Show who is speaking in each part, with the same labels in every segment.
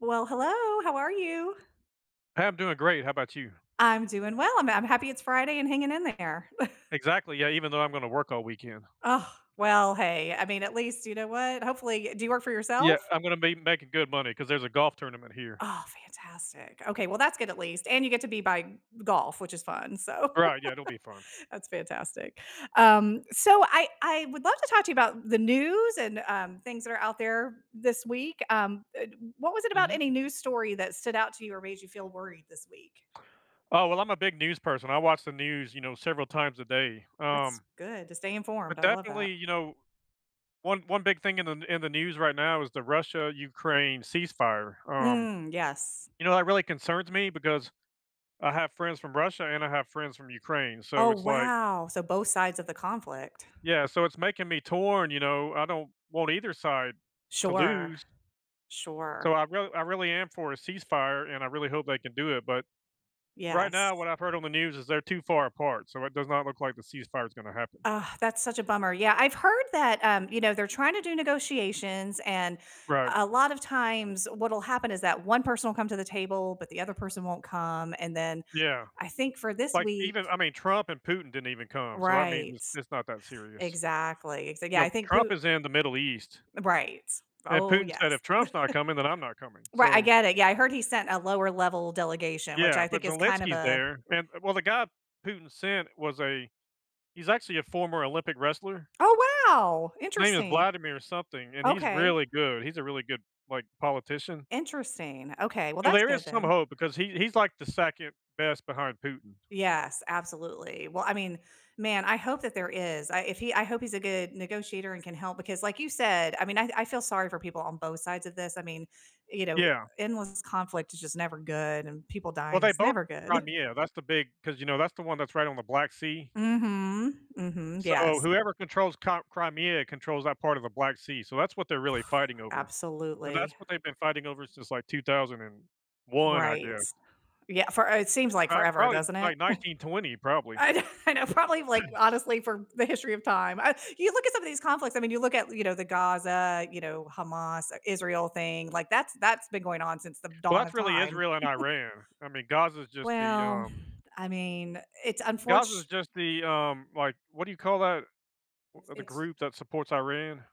Speaker 1: Well, hello. How are you?
Speaker 2: I'm doing great. How 'bout you?
Speaker 1: I'm doing well. I'm ha happy it's Friday and hanging in there.
Speaker 2: Exactly. Yeah, even though I'm gonna work all weekend.
Speaker 1: Ugh, well, hey, I mean, at least, you know what? Hopefully Uh, do you work for
Speaker 2: Yeah,
Speaker 1: yourself?
Speaker 2: I'm gonna be making good money 'cause there's a golf tournament here.
Speaker 1: Oh, fantastic. Okay. Well, that's good at least. And you get to be by golf, which is fun. So,
Speaker 2: Right, yeah, it'll be fun.
Speaker 1: that's fantastic. Um, so I I would love to talk to you about the news and, um, things that are out there this week. Um, eh, what was it about
Speaker 2: Mhm.
Speaker 1: any news story that stood out to you or made you feel worried this week?
Speaker 2: Oh, well, I'm a big news person. I watch the news, you know, several times a day. Um,
Speaker 1: That's good, to stay informed,
Speaker 2: but,
Speaker 1: I love that.
Speaker 2: definitely, you know, one one big thing in the in the news right now is the Russia-Ukraine ceasefire. Um,
Speaker 1: Mm, yes.
Speaker 2: you know, that really concerns me because I have friends from Russia, and I have friends from Ukraine. So
Speaker 1: Oh,
Speaker 2: it's like
Speaker 1: wow. So both sides of the conflict.
Speaker 2: Yeah, so it's making me torn, you know? I don't want either side to
Speaker 1: Sure.
Speaker 2: lose. So
Speaker 1: Sure.
Speaker 2: I real I really am for a ceasefire, and I really hope they can do it. But, right now,
Speaker 1: Yes.
Speaker 2: what I've heard on the news is they're too far apart, so it does not look like the ceasefire is gonna happen.
Speaker 1: Ugh, that's such a bummer. Yeah, I've heard that, um, you know, they're trying to do negotiations, and
Speaker 2: Right.
Speaker 1: a lot of times what'll happen is that one person will come to the table, but the other person won't come. And then
Speaker 2: Yeah.
Speaker 1: I think for this
Speaker 2: Like, even
Speaker 1: week
Speaker 2: I mean, Trump and Putin didn't even come, so that means
Speaker 1: Right.
Speaker 2: it's it's not that serious.
Speaker 1: Exactly. So, yeah,
Speaker 2: You know,
Speaker 1: I think Pu
Speaker 2: Trump is in the Middle East.
Speaker 1: Right.
Speaker 2: And
Speaker 1: Oh,
Speaker 2: Putin said,
Speaker 1: yes.
Speaker 2: "If Trump's not coming, then I'm not coming."
Speaker 1: Right. I
Speaker 2: So
Speaker 1: get it. Yeah, I heard he sent a lower-level delegation, which
Speaker 2: Yeah.
Speaker 1: I
Speaker 2: But
Speaker 1: think is kind of
Speaker 2: Zelenski's
Speaker 1: a
Speaker 2: there. And well the guy Putin sent was a he's actually a former Olympic wrestler.
Speaker 1: Oh, wow!
Speaker 2: His name is
Speaker 1: Interesting.
Speaker 2: Vladimir or something, and he's
Speaker 1: Okay.
Speaker 2: really good. He's a really good, like, politician.
Speaker 1: Interesting. Okay. Well,
Speaker 2: So
Speaker 1: that's
Speaker 2: there is
Speaker 1: good
Speaker 2: some
Speaker 1: then.
Speaker 2: hope because he he's, like, the 2nd best behind Putin.
Speaker 1: Yes. Absolutely. Well, I mean, man, I hope that there is. I if he I hope he's a good negotiator and can help because like you said, I mean, I I feel sorry for people on both sides of this. I mean, you know,
Speaker 2: Yeah.
Speaker 1: endless conflict is just never good, and people
Speaker 2: Well,
Speaker 1: dying
Speaker 2: they
Speaker 1: is
Speaker 2: both
Speaker 1: never good.
Speaker 2: Crimea. That's the big 'cause, you know, that's the one that's right on the Black Sea.
Speaker 1: Mhm. Mhm.
Speaker 2: So
Speaker 1: Yes.
Speaker 2: whoever controls Cri Crimea controls that part of the Black Sea. So that's what they're really fighting over. And that's
Speaker 1: Absolutely.
Speaker 2: what they've been fighting over since, like, 2001, I
Speaker 1: Right.
Speaker 2: guess.
Speaker 1: Yeah. Fore it seems like
Speaker 2: I
Speaker 1: forever,
Speaker 2: probably,
Speaker 1: doesn't it?
Speaker 2: like, 1920, probably.
Speaker 1: I kno I know. Probably, like, honestly, for the history of time. Uh, you look at some of these conflicts. I mean, you look at, you know, the Gaza, you know, Hamas-Israel thing. Like, that's that's been going on since the
Speaker 2: Well,
Speaker 1: dawn
Speaker 2: that's
Speaker 1: of
Speaker 2: really
Speaker 1: time.
Speaker 2: Israel and Iran. I mean, Gaza is just the,
Speaker 1: Well,
Speaker 2: um
Speaker 1: I mean, it's unfort
Speaker 2: Gaza is just the, um, like, what do you call that
Speaker 1: It's
Speaker 2: uh, the
Speaker 1: it's
Speaker 2: group that supports Iran?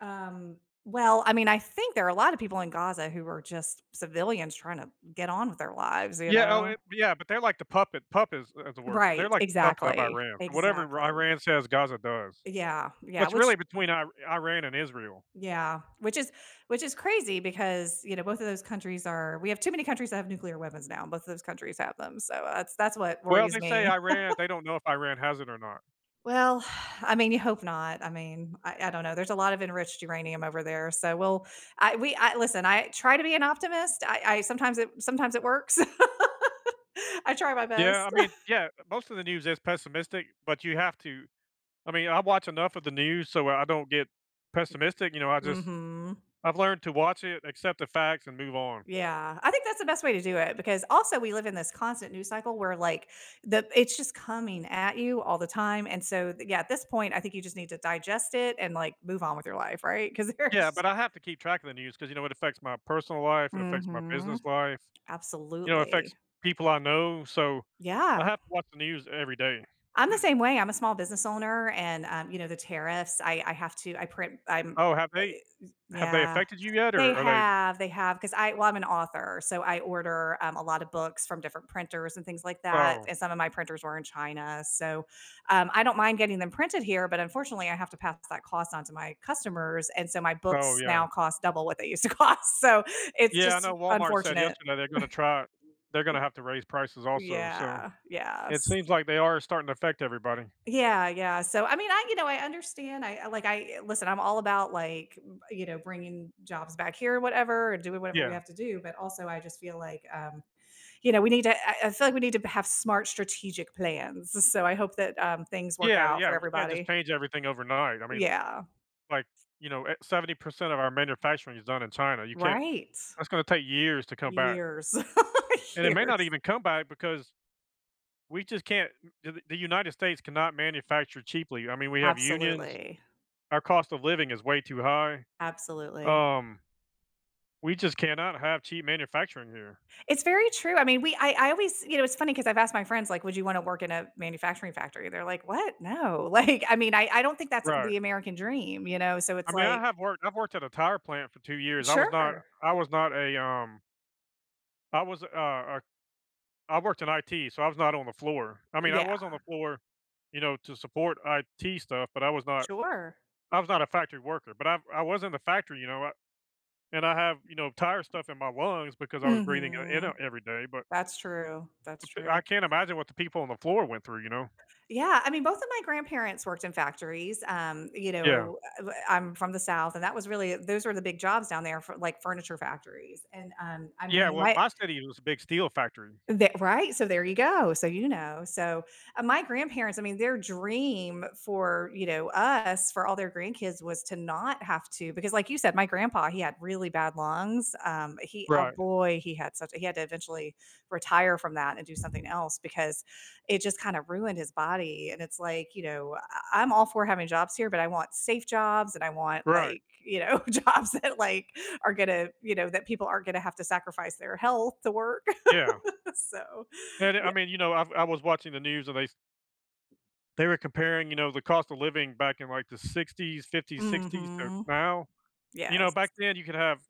Speaker 1: Um, well, I mean, I think there are a lot of people in Gaza who are just civilians trying to get on with their lives, you
Speaker 2: Yeah. Oh,
Speaker 1: know?
Speaker 2: it Yeah, but they're like the puppet puppets, is the word. But they're
Speaker 1: Right.
Speaker 2: like the puppet of
Speaker 1: Exactly.
Speaker 2: Iran. Whatever Ira
Speaker 1: Exactly.
Speaker 2: Iran says, Gaza does.
Speaker 1: Yeah.
Speaker 2: So
Speaker 1: Yeah.
Speaker 2: it's
Speaker 1: Which
Speaker 2: really between Ir Iran and Israel.
Speaker 1: Yeah, which is which is crazy because, you know, both of those countries are we have too many countries that have nuclear weapons now. Both of those countries have them. So, uh, that's that's what
Speaker 2: Well,
Speaker 1: worries
Speaker 2: they say
Speaker 1: me.
Speaker 2: Iran they don't know if Iran has it or not.
Speaker 1: Well, I mean, you hope not. I mean, I I don't know, there's a lot of enriched uranium over there, so we'll I we listen, I try to be an optimist, I I sometimes it sometimes it works. I try my
Speaker 2: Yeah, I
Speaker 1: best.
Speaker 2: mean Yeah, most of the news is pessimistic, but you have to I mean, I watch enough of the news so I don't get pessimistic, you know, I just
Speaker 1: Mhm.
Speaker 2: I've learned to watch it, accept the facts, and move on.
Speaker 1: Yeah, I think that's the best way to do it because also, we live in this constant news cycle where, like, the it's just coming at you all the time, and so, the yeah, at this point, I think you just need to digest it and, like, move on with your life, right? ‘Cause
Speaker 2: Yeah, but
Speaker 1: there's
Speaker 2: I have to keep track of the news ‘cause, you know, it affects my personal life, it affects my
Speaker 1: Mhm.
Speaker 2: business life, you know, it affects
Speaker 1: Absolutely.
Speaker 2: people I know. So,
Speaker 1: Yeah.
Speaker 2: I have to watch the news every day.
Speaker 1: I'm the same way. I'm a small business owner and, um, you know, the tariffs. I I have to I print I'm
Speaker 2: Oh, have they have they
Speaker 1: Yeah.
Speaker 2: affected you yet,
Speaker 1: They
Speaker 2: or are they
Speaker 1: have, they have, 'cause I well, I'm an author, so I order, um, a lot of books from different printers and things like that,
Speaker 2: Oh.
Speaker 1: and some of my printers were in China, so, um, I don't mind getting them printed here, but unfortunately, I have to pass that cost on to my customers, and so my
Speaker 2: Oh,
Speaker 1: books
Speaker 2: yeah.
Speaker 1: now cost double what they used to cost, so it's
Speaker 2: Yeah, I
Speaker 1: just
Speaker 2: know
Speaker 1: r
Speaker 2: Walmart said
Speaker 1: unfortunate.
Speaker 2: yesterday they're gonna try they're gonna have to raise prices also. So,
Speaker 1: Yeah,
Speaker 2: it
Speaker 1: yes.
Speaker 2: seems like they are starting to affect everybody.
Speaker 1: Yeah, yeah. So, I mean, I, you know I understand. I I, like I listen, I'm all about, like, you know, bringing jobs back here or whatever and doing whatever we
Speaker 2: Yeah.
Speaker 1: have to do, but also, I just feel like, um, you know, we need to I I feel like we need to b have smart strategic plans. S so I hope that, um, things work
Speaker 2: Yeah,
Speaker 1: out for
Speaker 2: yeah, we can't just
Speaker 1: everybody.
Speaker 2: change everything overnight. I mean,
Speaker 1: Yeah.
Speaker 2: like, you know, eh 70% of our manufacturing is done in China. You can't
Speaker 1: Right.
Speaker 2: that's gonna take years to come back.
Speaker 1: Years.
Speaker 2: And it may not
Speaker 1: Years.
Speaker 2: even come back because we just can't the the United States cannot manufacture cheaply. I mean, we have unions,
Speaker 1: Absolutely.
Speaker 2: our cost of living is way too high,
Speaker 1: Absolutely.
Speaker 2: um We just cannot have cheap manufacturing here.
Speaker 1: It's very true. I mean, we I I always you know, it's funny 'cause I've asked my friends, like, "Would you want to work in a manufacturing factory?" They're like, "What, no," like, I mean, I I don't think that's
Speaker 2: Right.
Speaker 1: the American dream, you know, so
Speaker 2: I
Speaker 1: it's
Speaker 2: mean, I
Speaker 1: like
Speaker 2: have worked I've worked at a tire plant for 2 years, I was not
Speaker 1: Sure.
Speaker 2: I was not a, um I was, a, uh uh I worked in IT, so I was not on the floor, I mean, I
Speaker 1: Yeah.
Speaker 2: was on the floor, you know, to support IT stuff, but I was not
Speaker 1: Sure.
Speaker 2: I was not a factory worker, but I I was in the factory, you know, I and I have, you know, tire stuff in my lungs because I was breathing it in, uh,
Speaker 1: Mhm.
Speaker 2: every day, but
Speaker 1: That's true, that's
Speaker 2: I
Speaker 1: true.
Speaker 2: can't imagine what the people on the floor went through, you know?
Speaker 1: Yeah, I mean, both of my grandparents worked in factories, um, you
Speaker 2: Yeah.
Speaker 1: know, eh w I'm from the South, and that was really those were the big jobs down there for, like, furniture factories, arnd, um, I
Speaker 2: Yeah,
Speaker 1: mean,
Speaker 2: well,
Speaker 1: my
Speaker 2: my city is a big steel factory.
Speaker 1: The right, so there you go, so, you know, so, uh, my grandparents I mean, their dream for, you know, us, for all their grandkids was to not have to because like you said, my grandpa, he had really bad lungs, um, he oh,
Speaker 2: Right.
Speaker 1: boy, he had such he had to eventually retire from that and do something else because it just kinda ruined his body, and it's like, you know, I I'm all for having jobs here, but I want safe jobs and I want,
Speaker 2: Right.
Speaker 1: like, you know, jobs that, like, are gonna, you know, that people aren't gonna have to sacrifice their health to work.
Speaker 2: Yeah.
Speaker 1: So,
Speaker 2: And it I
Speaker 1: yeah
Speaker 2: mean, you know, I I was watching the news, and they s they were comparing, you know, the cost of living back in, like, the ‘60s, ‘50s, ‘60s to
Speaker 1: Mhm.
Speaker 2: now. You know,
Speaker 1: Yes.
Speaker 2: back then, you could have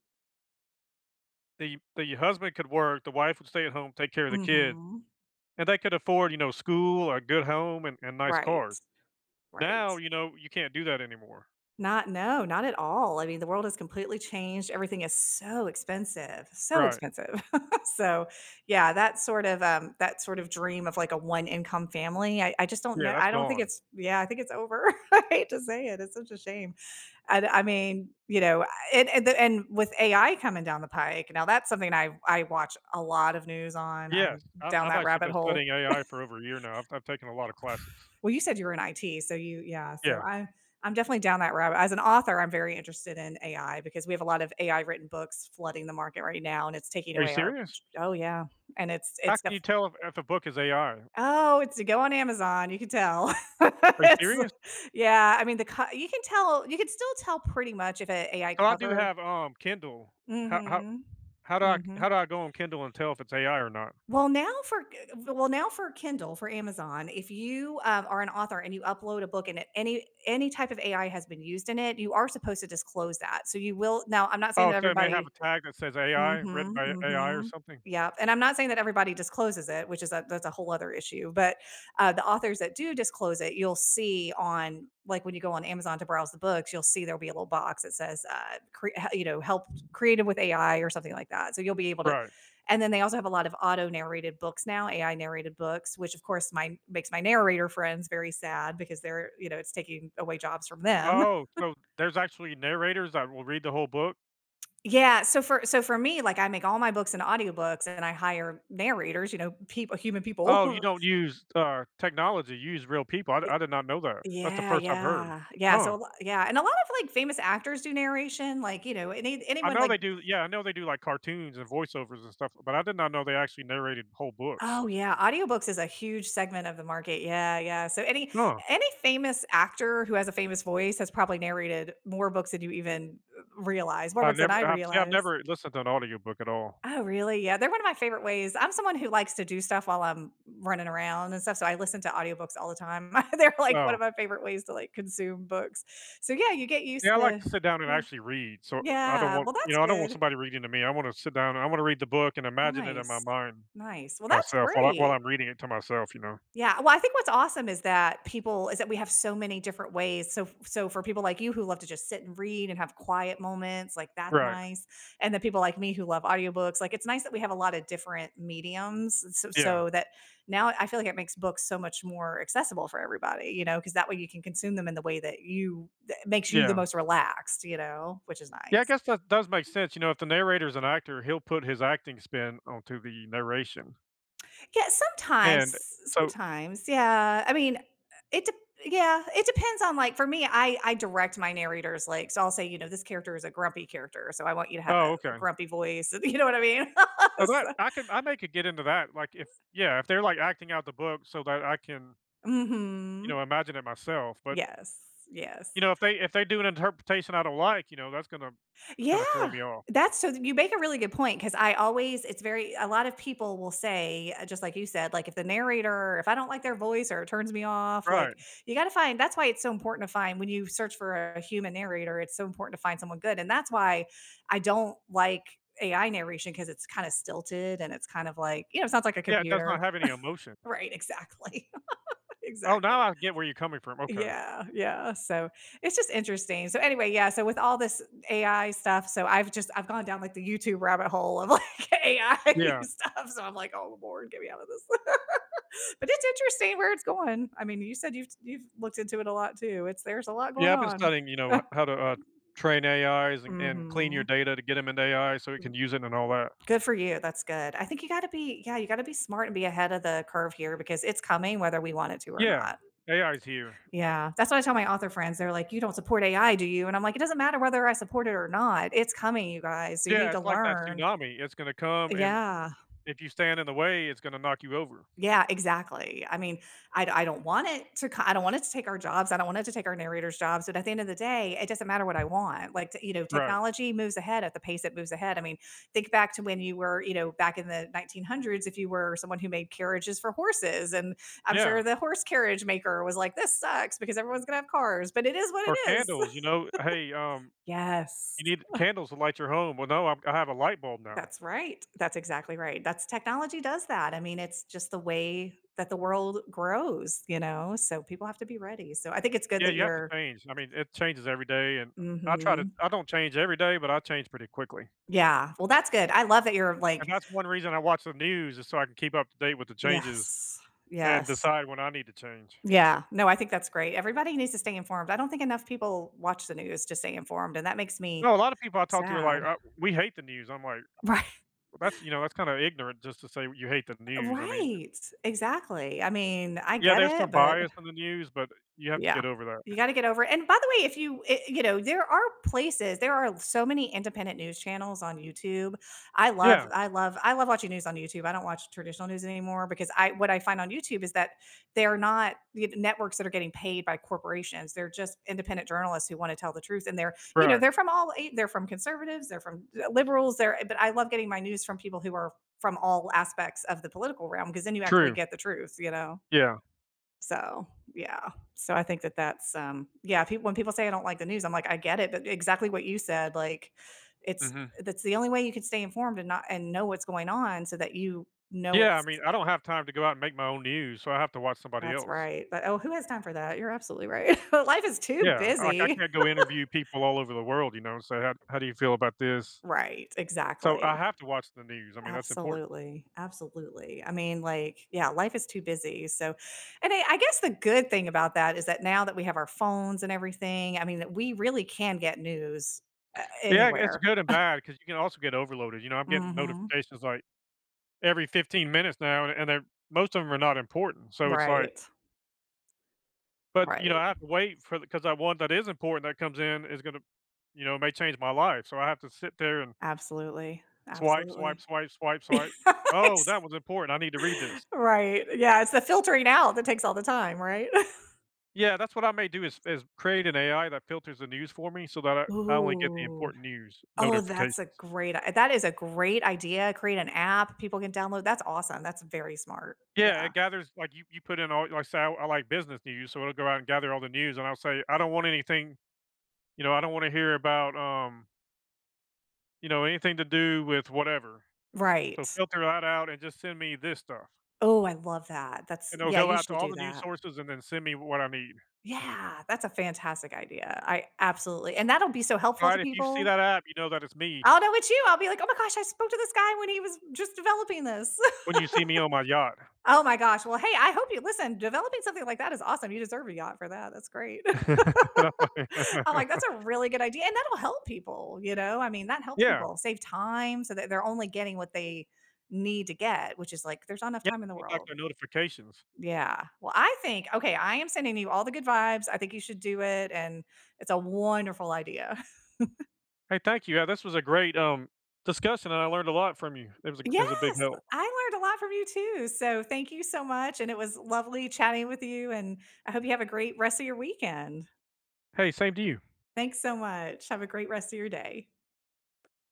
Speaker 2: The the husband could work, the wife would stay at home, take care of the kid,
Speaker 1: Mhm.
Speaker 2: and they could afford, you know, school or a good home and and nice cars.
Speaker 1: Right. Right.
Speaker 2: Now, you know, you can't do that anymore.
Speaker 1: Not no, not at all. I mean, the world is completely changed. Everything is so expensive, so
Speaker 2: Right.
Speaker 1: expensive. So, yeah, that sort of, um, that sort of dream of, like, a one income family. I I just don't
Speaker 2: Yeah,
Speaker 1: know
Speaker 2: that's
Speaker 1: I don't think
Speaker 2: gone.
Speaker 1: it's Yeah, I think it's over. I hate to say it, it's such a shame. I do I mean you know, and and the and with AI coming down the pike, now that's something I I watch a lot of news on. I'm
Speaker 2: Yes. I've
Speaker 1: down
Speaker 2: I've
Speaker 1: that
Speaker 2: actually
Speaker 1: rabbit
Speaker 2: been
Speaker 1: hole.
Speaker 2: studying AI for over a year now. I've I've taken a lotta classes.
Speaker 1: Well, you said you were in IT. So you yeah, so
Speaker 2: Yeah.
Speaker 1: I I'm definitely down that rabbit As an author, I'm very interested in AI because we have a lot of AI written books flooding the market right now, and it's taking
Speaker 2: Are you
Speaker 1: away our
Speaker 2: serious?
Speaker 1: j Oh yeah. And it’s
Speaker 2: How
Speaker 1: it’s
Speaker 2: can
Speaker 1: def
Speaker 2: you tell if, if a book is AI?
Speaker 1: Oh, it's a go on Amazon, you can tell.
Speaker 2: Are you
Speaker 1: It's
Speaker 2: serious?
Speaker 1: yeah, I mean, the co you can tell you could still tell pretty much if a AI
Speaker 2: Oh, I do
Speaker 1: cover
Speaker 2: have, um, Kindle. How how
Speaker 1: Mhm.
Speaker 2: how do I
Speaker 1: Mhm.
Speaker 2: how do I go on Kindle and tell if it's AI or not?
Speaker 1: Well, now for g g well, now for Kindle, for Amazon, if you, um, are an author and you upload a book and it any any type of AI has been used in it, you are supposed to disclose that. So you will now I'm not saying
Speaker 2: Oh,
Speaker 1: that
Speaker 2: so it may have a
Speaker 1: everybody
Speaker 2: tag that says AI written
Speaker 1: Mhm,
Speaker 2: by AI or
Speaker 1: mhm.
Speaker 2: something.
Speaker 1: Yep, and I'm not saying that everybody discloses it, which is that that's a whole other issue. But, uh, the authors that do disclose it, you'll see on like when you go on Amazon to browse the books, you'll see there'll be a little box that says, uh, "Cre huh you know, helped created with AI" or something like that. So you'll be able to
Speaker 2: Right.
Speaker 1: And then they also have a lot of auto-narrated books now, AI narrated books, which of course my makes my narrator friends very sad because, their you know, it's taking away jobs from them.
Speaker 2: Oh, so there's actually narrators that will read the whole book?
Speaker 1: Yeah. So for so for me, like, I make all my books and audiobooks and I hire narrators, you know, people human people.
Speaker 2: Oh, you don't use, uh, technology, you use real people. I
Speaker 1: Eh
Speaker 2: I did not know that. That's the
Speaker 1: Yeah,
Speaker 2: first I've heard.
Speaker 1: yeah. Yeah, so
Speaker 2: Huh.
Speaker 1: a l yeah, and a lot of, like, famous actors do narration, like, you know, any
Speaker 2: I
Speaker 1: anyone
Speaker 2: know
Speaker 1: like
Speaker 2: they do yeah, I know they do, like, cartoons and voice-overs and stuff, but I did not know they actually narrated whole books.
Speaker 1: Oh, yeah, audiobooks is a huge segment of the market, yeah, yeah. So any
Speaker 2: Huh.
Speaker 1: any famous actor who has a famous voice has probably narrated more books than you even r realize, more
Speaker 2: I've
Speaker 1: books than
Speaker 2: never
Speaker 1: I
Speaker 2: I've see, I've
Speaker 1: realize.
Speaker 2: never listened to an audiobook at all.
Speaker 1: Oh, really? Yeah, they're one of my favorite ways. I'm someone who likes to do stuff while I'm running around and stuff, so I listen to audiobooks all the time. They're like one
Speaker 2: Oh.
Speaker 1: of my favorite ways to, like, consume books. So, yeah, you get used
Speaker 2: Yeah, I like
Speaker 1: to
Speaker 2: to sit down and
Speaker 1: Yeah.
Speaker 2: actually read, so I don't
Speaker 1: Yeah.
Speaker 2: want
Speaker 1: Well,
Speaker 2: you
Speaker 1: that's
Speaker 2: know, I don't want
Speaker 1: good.
Speaker 2: somebody reading to me, I wanna sit down, and I wanna read the book and imagine it in my
Speaker 1: Nice.
Speaker 2: mind
Speaker 1: Nice. Well, that's
Speaker 2: myself while I while
Speaker 1: great.
Speaker 2: I'm reading it to myself, you know?
Speaker 1: Yeah. Well, I think what's awesome is that people is that we have so many different ways. So so for people like you who love to just sit and read and have quiet moments, like, that's
Speaker 2: Right.
Speaker 1: nice. And the people like me who love audiobooks, like, it's nice that we have a lot of different mediums s s
Speaker 2: Yeah.
Speaker 1: so that now I feel like it makes books so much more accessible for everybody, you know, 'cause that way you can consume them in the way that you that makes you the
Speaker 2: Yeah.
Speaker 1: most relaxed, you know, which is
Speaker 2: Yeah, I
Speaker 1: nice.
Speaker 2: guess that does make sense, you know, if the narrator's an actor, he'll put his acting spin onto the narration.
Speaker 1: Yeah, sometimes,
Speaker 2: And,
Speaker 1: s
Speaker 2: so
Speaker 1: sometimes. Yeah, I mean, uh, it de yeah, it depends on, like, for me, I I direct my narrators, like, so I'll say, you know, "This character is a grumpy character, so I want you to have
Speaker 2: Oh,
Speaker 1: a
Speaker 2: okay.
Speaker 1: grumpy voice, and" you know what I mean?
Speaker 2: Now that
Speaker 1: So
Speaker 2: I can I may could get into that, like, if yeah, if they're, like, acting out the book so that I can you
Speaker 1: Mhm.
Speaker 2: know, imagine it myself, but
Speaker 1: Yes.
Speaker 2: you
Speaker 1: Yes.
Speaker 2: know, if they if they do an interpretation I don't like, you know, that's gonna
Speaker 1: Yeah.
Speaker 2: kinda throw me off.
Speaker 1: That's so th you make a really good point, 'cause I always it's very a lot of people will say uh, just like you said, like, "If the narrator if I don't like their voice or it turns me off,"
Speaker 2: Right.
Speaker 1: like, you gotta find that's why it's so important to find when you search for a human narrator, it's so important to find someone good, and that's why I don't like AI narration, 'cause it's kinda stilted and it's kind of like, you know, sounds like a
Speaker 2: Yeah, it does not
Speaker 1: computer.
Speaker 2: have any emotion.
Speaker 1: Right, exactly.
Speaker 2: Oh,
Speaker 1: Exactly.
Speaker 2: now I get where you're coming from, okay.
Speaker 1: Yeah, yeah, so it's just interesting. So, anyway, yeah, so with all this AI stuff, so I've just I've gone down, like, the YouTube rabbit hole of, like, AI
Speaker 2: Yeah.
Speaker 1: stuff, so I'm like, "Oh lord, get me outta this." But it's interesting where it's going. I mean, you said you've t you've looked into it a lot too, it's there's a lot
Speaker 2: Yeah,
Speaker 1: going
Speaker 2: I've been
Speaker 1: on.
Speaker 2: studying, you know, h how to, uh, train AIs, and and clean your
Speaker 1: Mhm.
Speaker 2: data to get 'em into AI so you can use it and all that.
Speaker 1: Good for you, that's good. I think you gotta be yeah, you gotta be smart and be ahead of the curve here, because it's coming whether we want it to or
Speaker 2: Yeah,
Speaker 1: not.
Speaker 2: AIs here.
Speaker 1: Yeah. That's what I tell my author friends, they're like, "You don't support AI, do you?" And I'm like, "It doesn't matter whether I support it or not, it's coming, you guys, so you need
Speaker 2: Yeah,
Speaker 1: to
Speaker 2: it's like that
Speaker 1: learn."
Speaker 2: tsunami, it's gonna come, and
Speaker 1: Yeah.
Speaker 2: if you stand in the way, it's gonna knock you over.
Speaker 1: Yeah, exactly. I mean, I d I don't want it to co I don't want it to take our jobs, I don't want it to take our narrator's jobs, but at the end of the day, it doesn't matter what I want, like, t you know,
Speaker 2: Right.
Speaker 1: technology moves ahead at the pace it moves ahead, I mean, think back to when you were, you know, back in the 1900s, if you were someone who made carriages for horses, and I'm sure
Speaker 2: Yeah.
Speaker 1: the horse carriage maker was like, "This sucks because everyone's gonna have cars, but it is what it
Speaker 2: Or
Speaker 1: is."
Speaker 2: candles, you know, "Uh, hey, um, you
Speaker 1: Yes.
Speaker 2: need candles to light your home," well, no, um, I have a light bulb now.
Speaker 1: That's right. That's exactly right, that's technology does that, I mean, it's just the way that the world grows, you know? So, people have to be ready, so, I think it's good
Speaker 2: Yeah,
Speaker 1: that
Speaker 2: you have to
Speaker 1: you're
Speaker 2: change, I mean, it changes every day, and I try to
Speaker 1: Mhm.
Speaker 2: I don't change every day, but I change pretty quickly.
Speaker 1: Yeah. Well that's good, I love that you're
Speaker 2: And
Speaker 1: like
Speaker 2: that's one reason I watch the news is so I can keep up to date with the changes
Speaker 1: Yes.
Speaker 2: and
Speaker 1: Yes.
Speaker 2: decide when I need to change.
Speaker 1: Yeah. No, I think that's great. Everybody needs to stay informed, I don't think enough people watch the news to stay informed, and that makes me
Speaker 2: No, a lotta people I talk to are
Speaker 1: sad.
Speaker 2: like, "Uh, we hate the news." I'm like,
Speaker 1: Righ
Speaker 2: "Well, that's you know, that's kinda ignorant just to say you hate the
Speaker 1: Eh
Speaker 2: news," I mean
Speaker 1: right. Exactly. I mean, I
Speaker 2: Yeah,
Speaker 1: get
Speaker 2: there's
Speaker 1: it,
Speaker 2: some
Speaker 1: but
Speaker 2: bias in the news, but you have to
Speaker 1: Yeah.
Speaker 2: get over that.
Speaker 1: You gotta get over and by the way, if you i you know, there are places, there are so many independent news channels on YouTube. I love
Speaker 2: Yeah.
Speaker 1: I love I love watching news on YouTube, I don't watch traditional news anymore because I what I find on YouTube is that they're not y networks that are getting paid by corporations, they're just independent journalists who wanna tell the truth, and they're you know,
Speaker 2: Right.
Speaker 1: they're from all eight they're from conservatives, they're from d liberals, they're, uh but I love getting my news from people who are from all aspects of the political realm, 'cause then you actually
Speaker 2: True.
Speaker 1: get the truth, you know?
Speaker 2: Yeah.
Speaker 1: So, yeah. So, I think that that's, um, yeah, pe when people say, "I don't like the news," I'm like, "I get it," but exactly what you said, like, it's
Speaker 2: Mhm.
Speaker 1: uh, that's the only way you can stay informed and not and know what's going on so that you know
Speaker 2: Yeah, I
Speaker 1: what's
Speaker 2: mean, I don't have time to go out and make my own news, so I have to watch somebody
Speaker 1: That's
Speaker 2: else.
Speaker 1: right. But, oh, who has time for that? You're absolutely right. Life is too
Speaker 2: Yeah, like, I
Speaker 1: busy.
Speaker 2: can't go interview people all over the world, you know, and say, "How how do you feel about this?"
Speaker 1: Right,
Speaker 2: So, I
Speaker 1: exactly.
Speaker 2: have to watch the news, I mean, that's important.
Speaker 1: Absolutely, absolutely, I mean, like, yeah, life is too busy, so and I I guess the good thing about that is that now that we have our phones and everything, I mean, that we really can get news, uh,
Speaker 2: Yeah, I guess,
Speaker 1: anywhere.
Speaker 2: good and bad, 'cause you can also get overloaded, you know, I'm getting
Speaker 1: Mhm.
Speaker 2: notifications, like, every 15 minutes now, an and they're most of 'em are not important, so it's like
Speaker 1: Right.
Speaker 2: but, you
Speaker 1: Right.
Speaker 2: know, I have to wait for th 'cause that one that is important that comes in is gonna you know, may change my life, so I have to sit there and
Speaker 1: Absolutely.
Speaker 2: swipe, swipe,
Speaker 1: Absolutely.
Speaker 2: swipe, swipe, swipe. "Oh,
Speaker 1: Ex
Speaker 2: that was important, I need to read this."
Speaker 1: Right. Yeah, it's the filtering out that takes all the time, right?
Speaker 2: Yeah, that's what I may do is is create an AI that filters the news for me so that I I only get the
Speaker 1: Ooh.
Speaker 2: important news
Speaker 1: Oh,
Speaker 2: notifications.
Speaker 1: that's a great i that is a great idea, create an app, people can download, that's awesome, that's very smart,
Speaker 2: Yeah,
Speaker 1: yeah.
Speaker 2: it gathers like, you you put in all like, say, I I like business news, so it'll go out and gather all the news, and I'll say, "I don't want anything you know, I don't wanna hear about, um" you know, “Anything to do with whatever, so
Speaker 1: Right.
Speaker 2: filter that out and just send me this stuff.”
Speaker 1: Oh, I love that, that's
Speaker 2: And it'll
Speaker 1: yeah,
Speaker 2: go
Speaker 1: you
Speaker 2: out to
Speaker 1: should
Speaker 2: all
Speaker 1: do
Speaker 2: the news
Speaker 1: that.
Speaker 2: sources and then send me what I need.
Speaker 1: Yeah, that's a fantastic idea, I absolutely and that'll be so helpful
Speaker 2: Alright,
Speaker 1: to
Speaker 2: if you see
Speaker 1: people.
Speaker 2: that app, you know that it's me.
Speaker 1: I'll know it's you, I'll be like, "Oh my gosh, I spoke to this guy when he was just developing this."
Speaker 2: When you see me on my yacht.
Speaker 1: Oh my gosh, well, hey, I hope you listen, developing something like that is awesome, you deserve a yacht for that, that's great. I'm like, "That's a really good idea," and that'll help people, you know, I mean, that helps
Speaker 2: Yeah.
Speaker 1: people save time so that they're only getting what they need to get, which is, like, there's not enough
Speaker 2: Yeah,
Speaker 1: time in the
Speaker 2: with like
Speaker 1: world.
Speaker 2: the notifications.
Speaker 1: Yeah, well, I think okay, I am sending you all the good vibes, I think you should do it, and it's a wonderful idea.
Speaker 2: Hey, thank you, yeah, this was a great, um, discussion, and I learned a lot from you. It was a g it was a big
Speaker 1: Yes,
Speaker 2: help.
Speaker 1: I learned a lot from you too, so, thank you so much, and it was lovely chatting with you, and I hope you have a great rest of your weekend.
Speaker 2: Hey, same to you.
Speaker 1: Thanks so much, have a great rest of your day.